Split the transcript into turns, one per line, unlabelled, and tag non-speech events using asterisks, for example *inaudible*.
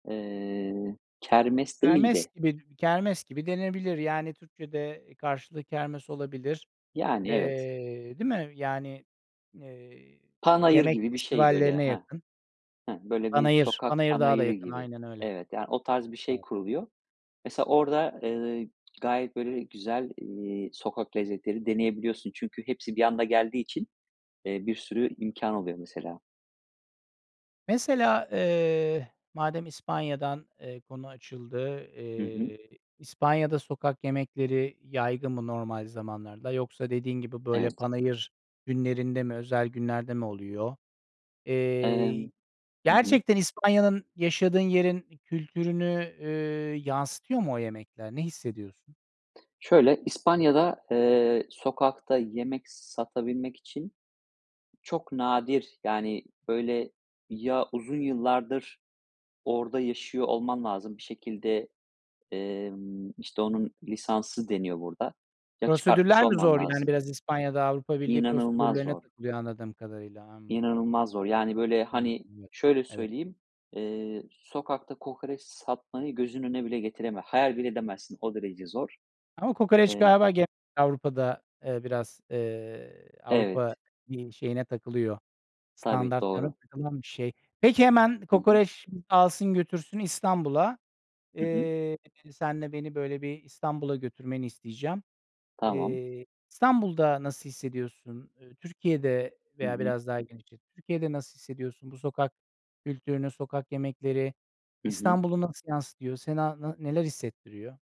Eee, kermes
Kermes
değildi.
bi kermes gibi denebilir. Yani, Türkçe'de karşılığı kermes olabilir.
Yani, evet.
Eee, değil mi? Yani, eee,
Panayır
yemek
gibi bir şey böyle.
festivallerine
Heh,
yakın.
heh, böyle bir
Panayır,
sokak
panayır daha da
panayırı
yakın,
gibi.
aynen öyle.
Evet, yani o tarz bir şey
*unintelligible*
kuruluyor. Mesela, orada, ııı, gayet böyle güzel, eee, sokak lezzetleri deneyebiliyorsun. Çünkü hepsi bir anda geldiği için, eee, bir sürü imkân oluyor mesela.
Mesela, eee, madem İspanya'dan, eee, konu açıldı.
Hı hı.
Eee, İspanya'da, sokak yemekleri yaygın mı normal zamanlarda, yoksa dediğin gibi böyle
Evet.
panayır günlerinde mi, özel günlerde mi oluyor? Eee,
Emm Hı hı.
gerçekten İspanya'nın, yaşadığın yerin kültürünü, eee, yansıtıyor mu o yemekler? Ne hissediyorsun?
Şöyle, İspanya'da, eee, sokakta yemek satabilmek için çok nadir; yani, böyle ya uzun yıllardır orada yaşıyor olman lazım bir şekilde, emm, işte onun lisansı deniyor burada. Ya, çıkartmış
Prosedürler mi
olman
zor? Yani,
lazım.
biraz İspanya'da Avrupa Birliği
İnanılmaz
prosedürlerine
zor.
takılıyor, anladığım kadarıyla.
İnanılmaz zor. Yani, böyle hani,
*unintelligible*
şöyle
Evet.
söyleyeyim, eee, sokakta kokoreç satmayı gözünün önüne bile getireme hayal bile edemezsin, o derece zor.
Ama kokoreç
Emm
galiba ge Avrupa'da, eee, biraz, eee, Avrupa,
Evet.
iii, şeyine takılıyor,
Tabii,
standartlarına
doğru.
takılan bir şey. Peki, hemen
Hı hı.
kokoreç alsın götürsün İstanbul'a.
Hı hı.
Eee, seninle beni böyle bir İstanbul'a götürmeni isteyeceğim.
Tamam.
Eee, İstanbul'da nasıl hissediyorsun? Iıı, Türkiye'de
Hı
veya
hı.
biraz daha genişlet, Türkiye'de nasıl hissediyorsun, bu sokak kültürünü, sokak yemekleri?
Hı hı.
İstanbul'u nasıl yansıtıyor? Sana na neler hissettiriyor?